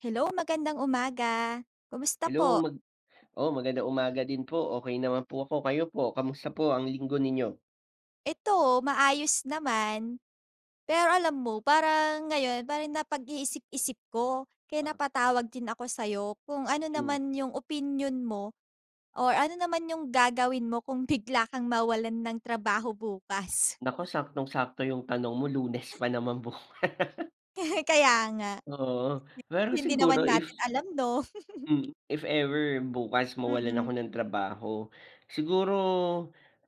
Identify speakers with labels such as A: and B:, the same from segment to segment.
A: Hello, magandang umaga. Kamusta
B: Hello,
A: po?
B: mag oo, magandang umaga din po. Okey naman po ako. Kayo po kamusta po ang linggo ninyo?
A: Eto, maayos naman. Pero alam mo parang ngayon pa rin napag-iisip-isip ko, kaya
B: Ah.
A: napatawag din ako sa'yo, kung ano
B: Mm.
A: naman yung opinyon mo or ano naman yung gagawin mo kung bigla kang mawalan ng trabaho bukas?
B: Naku, saktong-sakto yung tanong mo, Lunes pa naman bukas.
A: Kaya nga.
B: Oo, pero
A: [unintelligible] Hindi naman
B: siguro, if
A: natin alam, 'no?
B: mm, if ever bukas mawalan ako
A: Mm.
B: ng trabaho, siguro,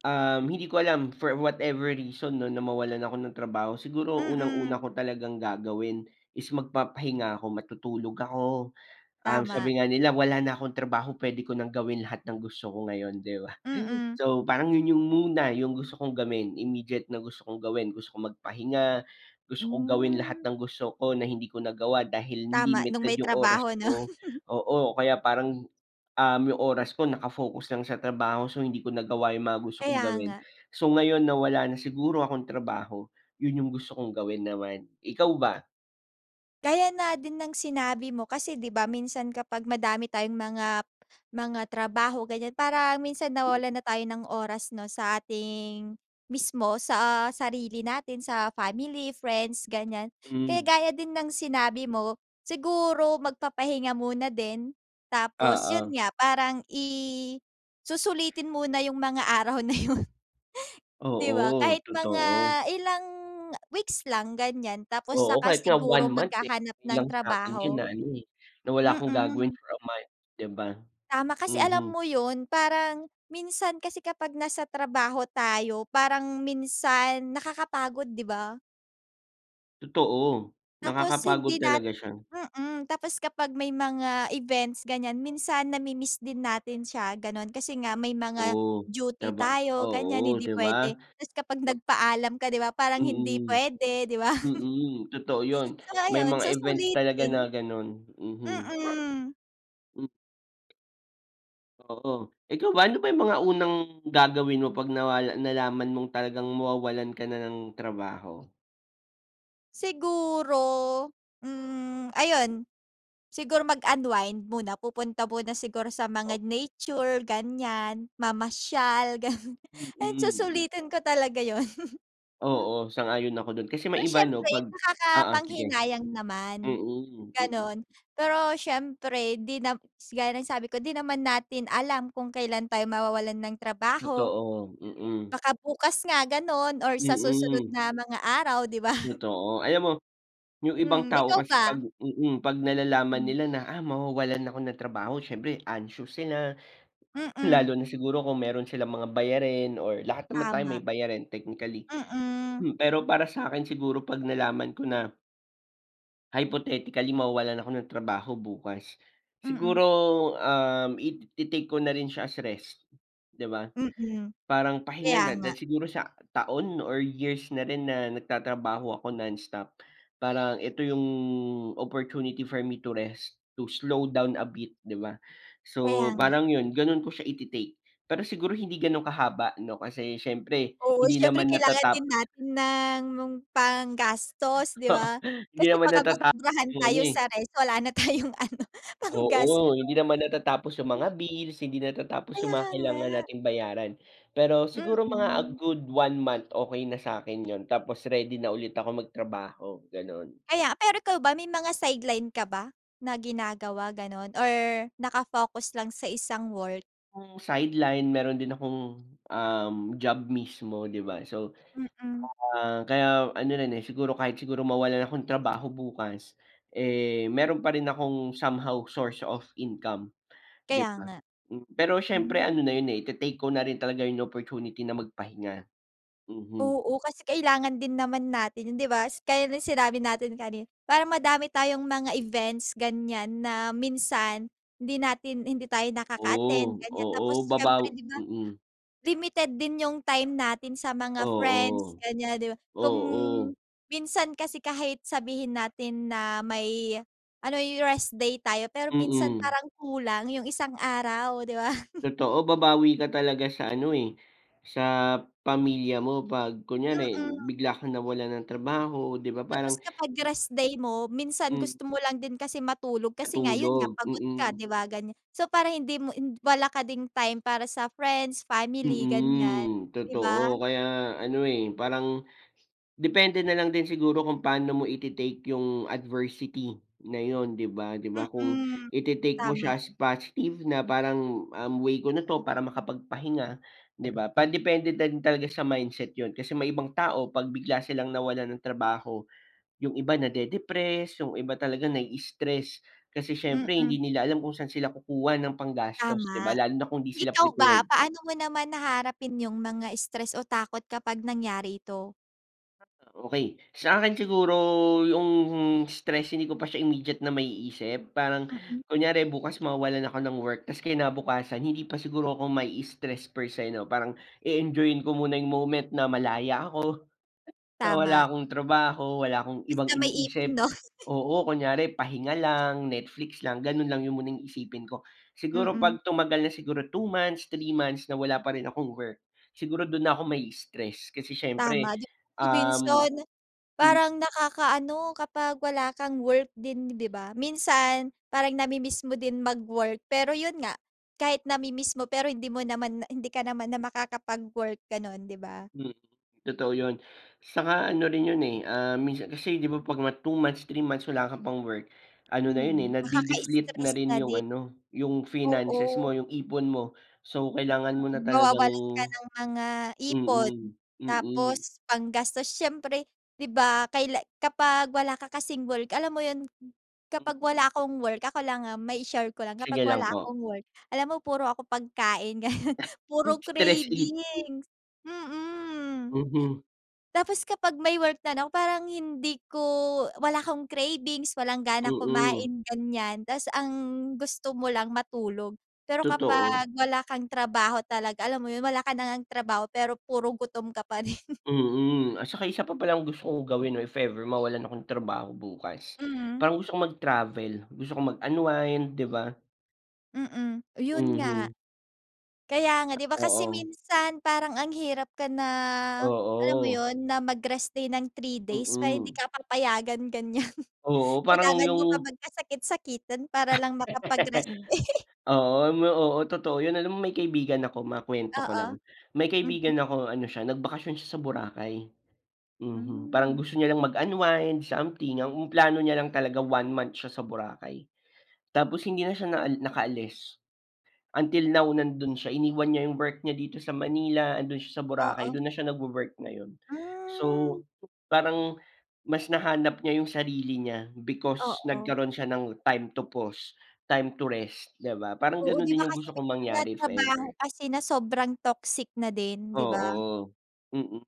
B: um, hindi ko alam for whatever reason 'no, na mawalan ako ng trabaho. Siguro,
A: Mm.
B: unang-una ko talagang gagawin is magpapahinga ako, matutulog ako. Ah,
A: Tama.
B: sabi nga nila, "Wala na akong trabaho, pwede ko nang gawin lahat ng gusto ko ngayon," di ba?
A: Mm.
B: So, parang yun, yun muna yung gusto kong gawin, immediate na gusto kong gawin, gusto ko magpahinga, gusto kong gawin lahat
A: Mm.
B: ng gusto ko na hindi ko nagawa dahil
A: Tama, nung
B: limited
A: may
B: yung oras
A: trabaho, 'no?
B: ko. Oo, kaya parang, um, yung oras ko naka-focus lang sa trabaho. So, hindi ko nagawa yung mga gusto kong
A: Kaya
B: gawin.
A: nga.
B: So, ngayon na wala na siguro akong trabaho, yun yung gusto kong gawin naman. Ikaw ba?
A: Gaya nga din ng sinabi mo, kasi di ba, minsan kapag madami tayong mga mga trabaho ganiyan, parang minsan nawawalan
B: Mm.
A: na tayo ng oras 'no, sa ating mismo, sa sarili natin, sa family, friends, ganiyan. Kaya
B: Hmm.
A: gaya din ng sinabi mo, siguro magpapahinga muna din tapos, yun
B: Oo.
A: nga, parang i susulitin muna yung mga araw na yun. Di ba?
B: Oo,
A: Kahit mga
B: totoo.
A: ilang weeks lang ganiyan, tapos
B: Oo,
A: saka
B: kahit nga 1
A: siguro
B: month eh,
A: maghahanap
B: okey
A: ng
B: lang sakin yun
A: trabaho.
B: na ano eh, na wala akong gagawin
A: Mm.
B: for a month, di ba?
A: Tama kasi, alam
B: Mhm.
A: mo yun parang minsan kasi kapag nasa trabaho tayo parang minsan nakakapagod, di ba?
B: Totoo,
A: Tapos
B: nakakapagod
A: hindi nat
B: talaga siya.
A: mm, tapos kapag may mga events ganiyan, minsan nami-miss din natin siya, gano'n. Kasi nga may mga
B: Oo,
A: duty
B: traba
A: tayo ganiyan,
B: oo,
A: hindi
B: di ba?
A: puwede. Tapos kapag nagpaalam ka, di ba, parang hindi
B: Mm,
A: puwede, di ba?
B: mm. Totoo yun.
A: So,
B: May
A: ayon,
B: mga events talaga
A: susulitin.
B: na ganun, mhm.
A: Mm.
B: M Oo. Ikaw ba, ano ba 'yung mga unang gagawin mo 'pag nawal nalaman mong talagang mawawalan ka na ng trabaho?
A: Siguro, hmm, ayun siguro mag-unwind muna, pupunta muna siguro sa
B: Oh.
A: mga nature ganiyan, mamasyal gano'n, and
B: Mm.
A: susulitin ko talaga 'yon.
B: Oo. Sang-ayon ako do'n, kasi may
A: Pero
B: iba 'no,
A: siyempre,
B: 'pag Oo, sige.
A: nakakapanghinayang naman
B: Mm, mm.
A: gano'n. Pero siyempre 'di na gaya ng sabi ko di naman natin alam kung kailan tayo mawawalan ng trabaho.
B: Totoo, mm.
A: Baka bukas nga gano'n or sa susunod
B: Mm.
A: na mga araw, 'di ba?
B: Totoo. Alam mo, 'yung ibang
A: Mm,
B: tao
A: ikaw
B: kasi
A: ba?
B: 'pag mm, 'pag nalalaman
A: Mm.
B: nila na, ah, mawawalan ako ng trabaho siyempre anxious sila.
A: Mm.
B: Lalo na siguro kung meron silang mga bayarin or lahat naman tayo may
A: Tama.
B: bayarin technically.
A: Mm.
B: Hmm, pero para sa'kin siguro 'pag nalaman ko na hypothetically mawawalan ako ng trabaho bukas,
A: Mm.
B: siguro, um, it i-take ko na rin siya as rest, di ba?
A: Mm,
B: Parang pahinga
A: kaya
B: na
A: nga.
B: dahil siguro sa taon or years na rin na nagtatrabaho ako nonstop, parang eto 'yung opportunity for me to rest, to slow down a bit di ba,
A: Kaya
B: so
A: nga.
B: parang 'yun, gano'n ko siya iti-take. Pero siguro hindi gano'n kahaba 'no, kasi siyempre
A: Oo,
B: hindi
A: siyempre
B: naman
A: kailangan din
B: natatap
A: natin ng panggastos, di
B: Oo,
A: ba?
B: hindi
A: Kasi
B: naman
A: baka
B: natatapos
A: masobrahan
B: 'yung ano,
A: tayo
B: eh.
A: sa rest wala na tayong ano, panggastos.
B: Oo, hindi naman natatapos 'yung mga bills, hindi natatapos 'yung
A: Kaya
B: mga
A: nga.
B: kailangan nating bayaran, pero siguro mga a
A: Mm.
B: good one month okey na sa'kin 'yon tapos ready na ulit ako magtrabaho, gano'n.
A: Kaya pero ikaw ba, may mga sideline ka ba, na ginagawa gano'n or naka-focus lang sa isang work?
B: Hmm, sideline mayro'n din akong, um, job mismo, di ba. So,
A: Mm.
B: ah, kaya ano na rin, eh, siguro kahit siguro mawalan akong trabaho bukas, eh, mayro'n pa rin akong somehow source of income, di
A: Kaya
B: ba?
A: nga.
B: Pero siyempre
A: Hmm.
B: ano na yun, eh, ite-take ko na rin talaga yung opportunity na magpahinga. Mhm.
A: Oo, kasi kailangan din naman natin yun, di ba, kaya sinabi natin kani para madami tayong mga events ganyan na minsan hindi natin hindi tayo nakaka-attend
B: Oh,
A: ganyan
B: oo
A: tapos
B: babaw
A: siyempre di ba,
B: mm.
A: limited din yung time natin sa mga friends
B: Oo,
A: ganyan, di ba. Kung,
B: oo.
A: minsan kasi kahit sabihin natin na may ano, yung rest day tayo pero minsan
B: Mm.
A: parang kulang yung isang araw, di ba?
B: Totoo, babawi ka talaga sa ano, eh, sa pamilya mo pag kunyari
A: Mm.
B: bigla kang nawalan ng trabaho di ba,
A: Tapos
B: parang
A: kapag
B: m
A: rest day mo, minsan
B: Hmm.
A: gusto mo lang din kasi matulog kasi nga yun nga
B: Matulog,
A: pagod ka,
B: mm.
A: di ba, ganyan. So para hindi mo wala ka ding time para sa friends, family ganyan,
B: Mm,
A: di ba?
B: totoo kaya ano, eh, parang depende nalang din siguro kung paano mo ite-take yung adversity na yun, di ba? Di ba kung
A: Mm,
B: ite-take mo
A: tama.
B: siya as positive na parang, um, way ko na to para makapagpahinga, di ba. Pan depende na talaga sa mindset yun, kasi may ibang tao pag bigla silang nawalan ng trabaho yung iba na-de-depress yung iba talaga nai-stress kasi siyempre hindi
A: Mm.
B: nila alam kung saan sila kukuha ng panggastos, di ba?
A: Tama.
B: Lalo na kung di sila
A: Ikaw ba,
B: prepared.
A: paano mo naman haharapin yung mga stress o takot kapag nangyari ito?
B: Okey. Sa akin siguro yung stress hindi ko pa siya immediate na maiisip. Parang
A: Mm.
B: kunyari bukas mawawalan ako ng work, tapos kinabukasan hindi pa siguro ako maistress per se no. Parang i-enjoyin ko muna yung moment na malaya ako, na wala
A: Tama.
B: akong trabaho, wala akong
A: Basta
B: ibang
A: may ipon
B: iniisip.
A: no?
B: Oo, kunyari pahinga lang, Netflix lang, ganun lang yung muna yung isipin ko. Siguro
A: Mm.
B: pag tumagal na siguro 2 months, 3 months na wala pa rin akong work, siguro dun na ako mai-stress kasi siyempre,
A: Tama, di ba
B: um
A: minsan
B: mm.
A: parang nakakaano kapag wala kang work din di ba? Minsan parang namimiss mo din mag-work. Pero yun nga. Kahit namimiss mo pero hindi mo naman na hindi ka naman na makakapagwork ganon, di ba?
B: Hmm, totoo yun tsaka ano rin yun, eh, ah, minsan kasi di ba pag 2 months, 3 months wala ka pang work, ano na yun, eh,
A: Mm,
B: nade-deflate na
A: nakakastress
B: rin
A: na
B: yung
A: din.
B: ano, yung
A: Oo.
B: finances mo, yung ipon mo. So kailangan mo na
A: Mm,
B: talagang
A: mawawalan ka ng mga ipon.
B: mm, mm.
A: Tapos panggastos siyempre di ba kaila kapag wala ka kasing work, alam mo yun? Kapag wala akong work ako lang, ah, mai-share ko lang. Kapag
B: Sige lang
A: wala
B: po.
A: akong work. Alam mo puro ako pagkain, ganun. Puro
B: Stress eating.
A: cravings mm.
B: Mhm.
A: Tapos kapag may work na no parang hindi ko wala akong cravings, walang gana
B: Mm.
A: kumain, ganyan. Tapos ang gusto mo lang matulog, pero
B: Totoo.
A: kapag wala kang trabaho talaga, alam mo yun wala ka na ngang trabaho, pero puro gutom ka pa rin.
B: Mm, at saka isa pa palang gusto kong gawin no if ever mawalan ako ng trabaho bukas.
A: Mhm.
B: Parang gusto kong mag-travel, gusto kong mag unwind, di ba?
A: Mm, 'yon nga.
B: Mhm.
A: Kaya nga, 'di ba, kasi
B: Oo.
A: minsan parang ang hirap ka na, alam mo
B: Oo.
A: 'yon, na mag-rest day ng 3 days. Parang hindi
B: Mm.
A: ka papayagan, ganyan.
B: Oo, parang
A: Kailangan mo pa
B: 'yong
A: magkasakit-sakitan para lang makapag-rest day.
B: Oo, oo, totoo 'yon, alam mo may kaibigan ako- makuwento ko
A: Oo,
B: lang- may
A: mhm.
B: kaibigan ako, ano siya, nagbakasyon siya sa Boracay. Mhm, parang
A: Hmm.
B: gusto niya lang mag-unwind, something. Ang plano niya lang talaga 1 month siya sa Boracay, tapos hindi na siya nakaalis. Until now nando'n siya, iniwan niya 'yong work niya dito sa Manila, ando'n siya sa Boracay,
A: Oo.
B: do'n na siya nagwo-work ngayon.
A: Hmm.
B: So, parang mas nahanap niya 'yong sarili niya, because,
A: Oo.
B: nagkaroon siya ng time to pause, time to rest, 'di ba, parang
A: Oo,
B: gano'n
A: 'di ba,
B: din 'yong
A: kasi
B: gusto
A: may
B: kong
A: mga
B: mangyari, if
A: trabaho
B: ever.
A: kasi na sobrang toxic na din, 'di ba?
B: Oo, mm,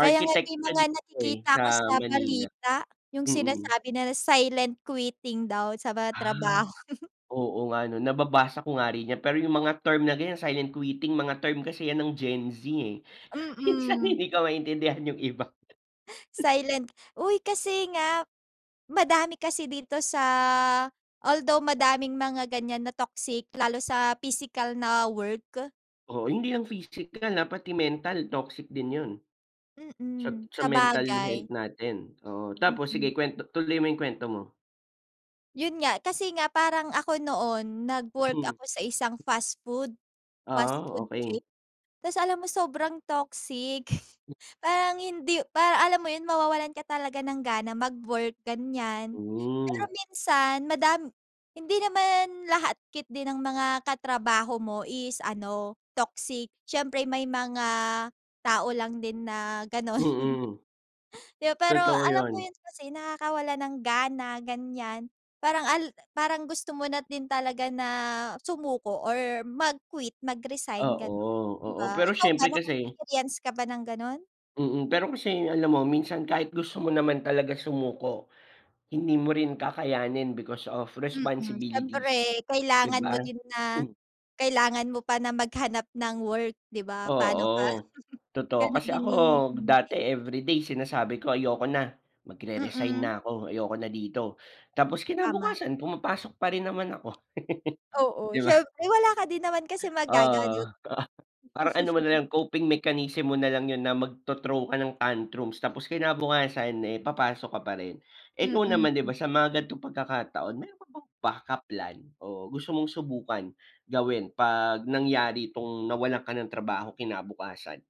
A: Kaya nga may
B: siya
A: mga
B: dito eh,
A: nakikita ako
B: sa
A: sa
B: Manila.
A: balita, 'yong
B: Mm.
A: sinasabi na silent quitting daw, sa ba
B: Ah,
A: trabaho.
B: oo nga, 'no. Nababasa ko nga rin yan, pero 'yong mga term na ganyan, silent quiting, mga term kasi yan ng Gen Z eh. Minsan
A: Mm.
B: hindi ko maintindihan 'yong iba.
A: Silent uy, kasi nga, madami kasi dito sa, although madaming mga ganyan na toxic, lalo sa physical na work.
B: Oo, hindi ang physical ha, pati mental, toxic din yun. Sa
A: Mm,
B: sa mental
A: sabagay.
B: health natin, oo. Tapos
A: Mm.
B: sige kwento tuloy mo yung kwento mo.
A: Yun nga, kasi nga, parang ako noon nag-work
B: Mm.
A: ako sa isang fast food. Fast
B: Ah,
A: food chain.
B: okey.
A: Tapos alam mo sobrang toxic parang hindi parang, alam mo yun, mawawalan ka talaga ng gana mag-work, ganiyan. Pero
B: Hmm.
A: minsan madami hindi naman lahat ket di ng mga katrabaho mo is ano, toxic. Siyempre may mga tao lang din na gano'n.
B: Mm.
A: Yo pero,
B: Totoo
A: alam mo
B: yun.
A: yun, kasi nakakawalan ng gana, ganiyan. Parang al parang gusto mo na din talaga na sumuko or mag-quit, mag-resign,
B: Oo,
A: gano'n, di
B: oo.
A: ba?
B: Pero
A: Ikaw ba,
B: syempre kasi
A: naka-experience ka ba ng gano'n?
B: Mm, pero kasi alam mo minsan kahit gusto mo naman talaga sumuko, hindi mo rin kakayanin because of
A: Mm,
B: responsibilities,
A: syempre
B: di
A: kailangan
B: ba?
A: mo din na
B: Hmm.
A: kailangan mo pa na maghanap ng work, di ba? Paano ka
B: Oo, totoo.
A: ganun
B: Kasi
A: din
B: ako
A: yung yun nga
B: dati
A: eh.
B: everyday sinasabi ko ayoko na, magre-resign
A: Mm.
B: na ako. Ayoko na dito. Tapos
A: Tama.
B: kinabukasan pumapasok pa rin naman ako.
A: Oo,
B: Di ba?
A: syempre. Wala ka din naman kasi
B: Oo,
A: magagawa
B: di ba? Parang ano mo nalang, coping mechanism mo nalang yun na magto-throw ka ng tantrums. Tapos kinabukasan eh papasok ka pa rin. Ikaw naman, di ba,
A: Mm.
B: sa mga ganitong pagkakataon, meron ka bang backup plan, o gusto mong subukan gawin 'pag nangyari 'tong nawalan ka ng trabaho kinabukasan?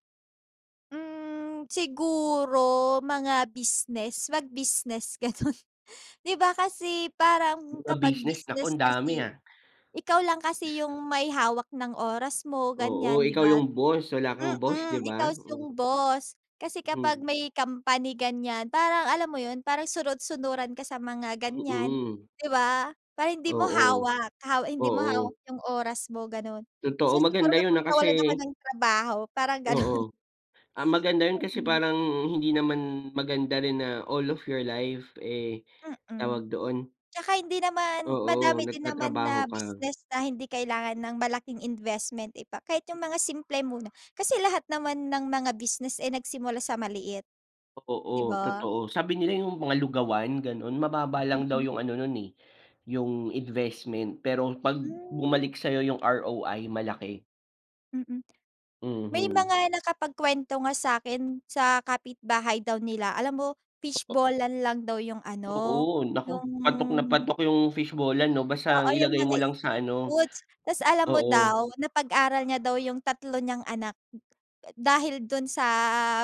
A: Hmm, siguro, mga business, mag-business, ganun. Di ba, kasi parang
B: Mga
A: kapag
B: business, naku
A: business
B: ang dami,
A: kasi,
B: ah.
A: ikaw lang kasi yung may hawak ng oras mo
B: Oo,
A: ganyan, 'di
B: ikaw
A: ba?
B: yung boss. Wala kang boss,
A: Mm,
B: 'di ba?
A: ikaw
B: Hmm.
A: yung boss. Kasi kapag
B: Hmm.
A: may company ganyan, parang alam mo yun, parang sunod-sunuran ka sa mga ganyan,
B: Mm.
A: 'di ba? Parang hindi mo
B: Oo.
A: hawak, haw hindi mo
B: Oo.
A: hawak yung oras mo, ganon.
B: Totoo,
A: So, siguro
B: maganda yun,
A: kapag
B: ah,
A: nawalan ako
B: kasi
A: ng trabaho, parang ganun.
B: Oo, ah, maganda yun. Kasi,
A: Mm.
B: parang hindi naman maganda rin na, all of your life, eh,
A: Mm.
B: tawag doon
A: Tsaka hindi naman
B: Oo,
A: madami din naman
B: nagtatrabaho
A: na
B: ka.
A: business na hindi kailangan ng malaking investment, 'di ba? Kahit yung mga simple muna. Kasi lahat naman ng mga business, eh, nagsimula sa maliit. Di
B: Oo,
A: ba?
B: totoo. Sabi nila yung mga lugawan, ganun, mababa lang daw
A: Mm.
B: yung ano nun, eh, yung investment. Pero, 'pag
A: Hmm.
B: bumalik sa'yo yung ROI malaki.
A: Mm, may
B: Mhm.
A: mga nakapag-kwento nga sa'kin, sa kapitbahay daw nila, alam mo
B: Taka
A: fishball-an lang daw yung ano,
B: Oo, naku,
A: yung
B: patok na patok yung fishball-an 'no. Basta
A: Oo,
B: ang
A: yung
B: ilagay mo
A: mga
B: lang sa
A: street
B: ano
A: foods. Tas alam mo
B: Oo.
A: daw, napag-aral niya daw yung 3 niyang anak, dahil dun sa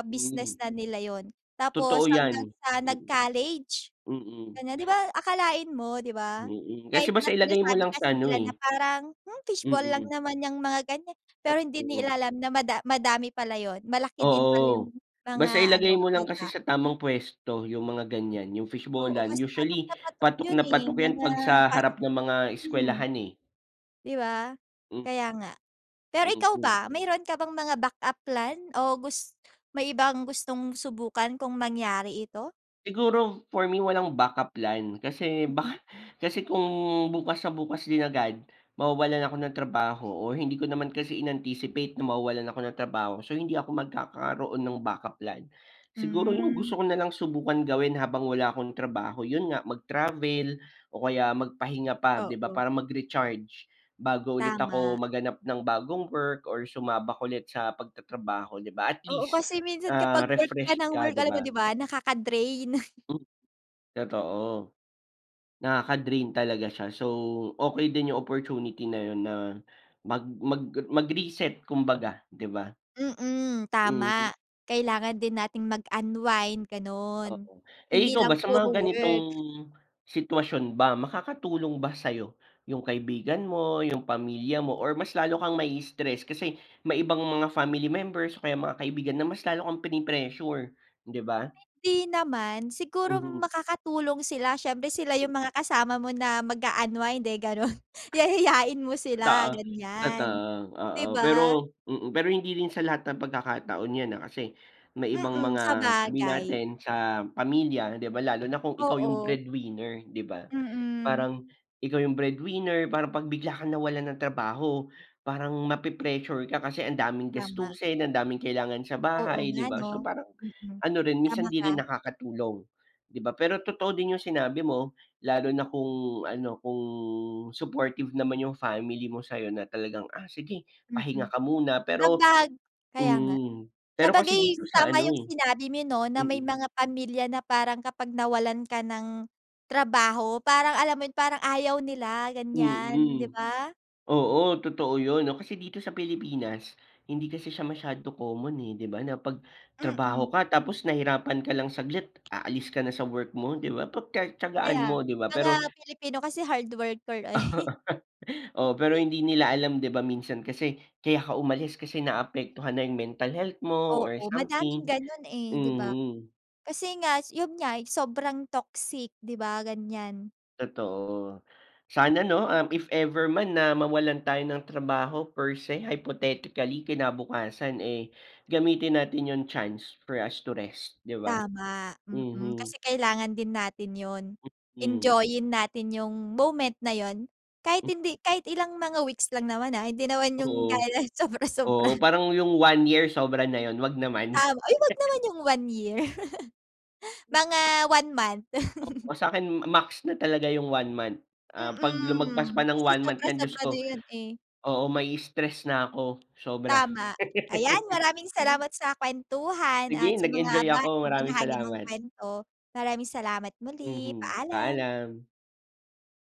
A: business
B: Hmm.
A: na nila yun. Tapos,
B: Totoo
A: hanggang
B: yan.
A: sa
B: Mm.
A: nag-college,
B: Mm.
A: ganyan. Di ba, akalain mo, 'di ba?
B: Mm,
A: Kahit
B: kasi
A: na,
B: basta ilagay mo
A: sinasabi
B: lang sa
A: kasi
B: ano,
A: nila
B: eh
A: na parang, "Hmm, fishball lang
B: Mm.
A: naman yang mga ganyan." Pero hindi
B: Oo.
A: nila alam na mada madami pala yun, malaki din pala
B: Oo,
A: yung mga
B: basta ilagay
A: ano,
B: mo lang kasi
A: kita.
B: sa tamang puwesto, yung mga ganyan, yung
A: Oo,
B: fishball-an.
A: kasi patok
B: Usually,
A: na patok
B: patok
A: yun,
B: na
A: eh
B: patok yan
A: mga
B: 'pag sa
A: pas
B: harap ng mga
A: hmm,
B: eskwelahan, eh.
A: 'di ba?
B: Hmm.
A: Kaya nga. Pero ikaw
B: Mhm.
A: ba, mayroon ka bang mga backup plan o gus may ibang gustong subukan, kung mangyari ito?
B: Siguro for me, walang backup plan, kasi
A: Mm.
B: baka kasi kung bukas na bukas din agad mawawalan ako ng trabaho o hindi ko naman kasi inanticipate na mawawalan ako ng trabaho, so hindi ako magkakaroon ng backup plan. Siguro yung
A: Hmm.
B: gusto ko nalang subukan gawin habang wala akong trabaho yun nga mag-travel o kaya magpahinga pa 'di ba,
A: Oo.
B: para mag-recharge bago ulit ako
A: Tama.
B: maghanap ng bagong work or sumabak ulit sa pagtatrabaho 'di ba, at
A: Oo,
B: least,
A: kasi minsan
B: ah,
A: kapag work ka
B: refresh
A: ng
B: ka
A: work,
B: 'di
A: alam mo 'di
B: ba?
A: ba, nakaka-drain.
B: Hmm, totoo. Nakaka drain talaga siya. So, okey din yung opportunity na yun na mag mag mag reset kumbaga, 'di ba?
A: Mm,
B: Mhm.
A: tama. Kailangan din nating mag unwind gano'n,
B: Oo.
A: hindi
B: Eh, ikaw
A: lang
B: ba, sa
A: puro
B: mga ganitong
A: work.
B: sitwasyon ba makakatulong ba sayo yung kaibigan mo, yung pamilya mo or mas lalo kang mai-stress? Kasi may ibang mga family members o kaya mga kaibigan na mas lalo kang prini-pressure, 'di ba?
A: Hindi naman. Siguro
B: Mhm.
A: makakatulong sila siyempre sila
B: Mm.
A: yung mga kasama mo na mag-a-unwid, eh, gano'n. Yayain mo sila
B: Totoo, totoo at,
A: ganyan,
B: ah,
A: 'di
B: oo
A: ba?
B: pero mm, pero hindi rin sa lahat ng pagkakataon yan, ah, kasi may ibang
A: Mm,
B: mga sabihin
A: sabagay.
B: natin sa pamilya 'di ba, lalo na kung ikaw yung
A: Oo.
B: breadwinner 'di ba,
A: Mm.
B: parang ikaw yung breadwinner, parang pag bigla kang nawalan ng trabaho parang mape-pressure ka kasi ang daming
A: Tama.
B: gastusin, ang daming kailangan sa
A: Oo
B: bahay
A: nga
B: 'di ba,
A: 'no.
B: so parang,
A: Mm,
B: ano rin
A: tama
B: minsan di rin
A: ka.
B: nakakatulong, 'di ba? Pero totoo din yung sinabi mo, lalo na kung ano kung supportive naman yung family mo sayo na talagang, "Ah, sige pahinga
A: Mm.
B: ka muna," pero
A: Kapag kaya nga.
B: mm, pero kasi
A: Sabagay
B: dito sa
A: tama
B: ano,
A: yung
B: eh,
A: sinabi mo 'no, na may
B: mm.
A: mga pamilya na parang kapag nawalan ka ng trabaho, parang alam mo yun parang ayaw nila ganyan, 'di
B: Mm,
A: ba?
B: oo totoo yun 'no, kasi dito sa Pilipinas hindi kasi siya masyado common, eh, 'di ba na pag trabaho
A: Mm.
B: ka tapos nahirapan ka lang saglit aalis ka na sa work mo 'di ba, pag tiya-tiyagaan
A: Kaya
B: mo 'di ba,
A: mga
B: pero
A: Pilipino kasi hard worker, eh.
B: Oo, Oo, pero hindi nila alam 'di ba minsan kasi kaya ka umalis kasi naapektuhan na yung mental health mo or
A: Oo, madaming
B: something,
A: gano'n eh, 'di ba?
B: mhm.
A: Kasi nga, yun nga sobrang toxic 'di ba, ganyan.
B: Totoo. Sana 'no, ah, if ever man na mawalan tayo ng trabaho per se hypothetically, kinabukasan, eh, gamitin natin yung chance for us to rest, 'di ba?
A: Tama, mm
B: Mhm.
A: kasi kailangan din natin yun.
B: Mm.
A: Enjoyin natin yung moment na yun, kahit hindi kahit ilang mga weeks lang naman, ha, hindi naman yung gaya
B: Oo,
A: ng
B: oo
A: sobra-sobra.
B: parang yung 1 year sobra na yun, wag naman.
A: Tama ay, wag naman yung 1 year! Mga 1 month.
B: Oo. sakin max na talaga yung 1 month, ah, pag lumagpas pa
A: Mm,
B: ng
A: kasi
B: 1 month yan diyos
A: sobra-sobra na
B: ko,
A: yun, eh.
B: oo mai-stress na ko, sobra.
A: Tama. Ayan, maraming salamat sa kuwentuhan at
B: Sige,
A: sa mga
B: nag-enjoy
A: ba
B: ako. Maraming
A: ibinahagi mong
B: salamat.
A: kuwento. Maraming salamat, muli
B: Mhm,
A: paalam.
B: paalam.